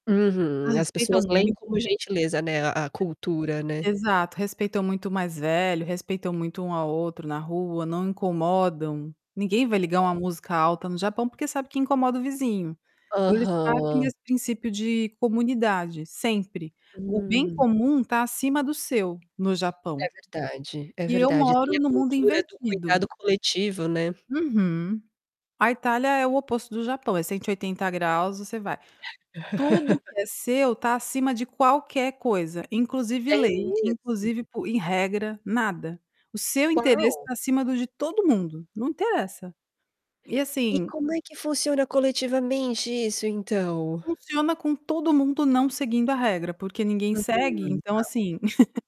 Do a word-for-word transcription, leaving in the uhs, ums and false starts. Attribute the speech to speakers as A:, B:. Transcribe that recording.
A: Uhum.
B: Mas
A: As
B: respeitam
A: pessoas leem com
B: muito.
A: gentileza, né, a a cultura, né.
B: E exato. Respeitam muito o mais velho, respeitam muito um ao outro na rua, não incomodam. Ninguém vai ligar uma
A: É.
B: música alta no Japão porque sabe que incomoda o vizinho. Então eles partem
A: Aham.
B: desse princípio de comunidade, sempre. O bem
A: Hum.
B: comum tá acima do seu no
A: É
B: Japão.
A: verdade, é
B: E eu
A: verdade. Tem
B: moro
A: a
B: no mundo
A: cultura do
B: invertido.
A: cuidado coletivo, né.
B: Uhum. A Itália é o oposto do Japão; é cento e oitenta graus você vai. Tudo o que é seu tá acima de qualquer coisa, inclusive
A: É
B: lei,
A: mesmo?
B: inclusive po em regra, nada. O seu interesse
A: Uau!
B: tá acima do de todo mundo, não interessa. E
A: E
B: assim
A: como é que funciona coletivamente isso, então?
B: Funciona com todo mundo não seguindo a regra, porque ninguém segue,
A: Uhum,
B: então
A: tá.
B: assim.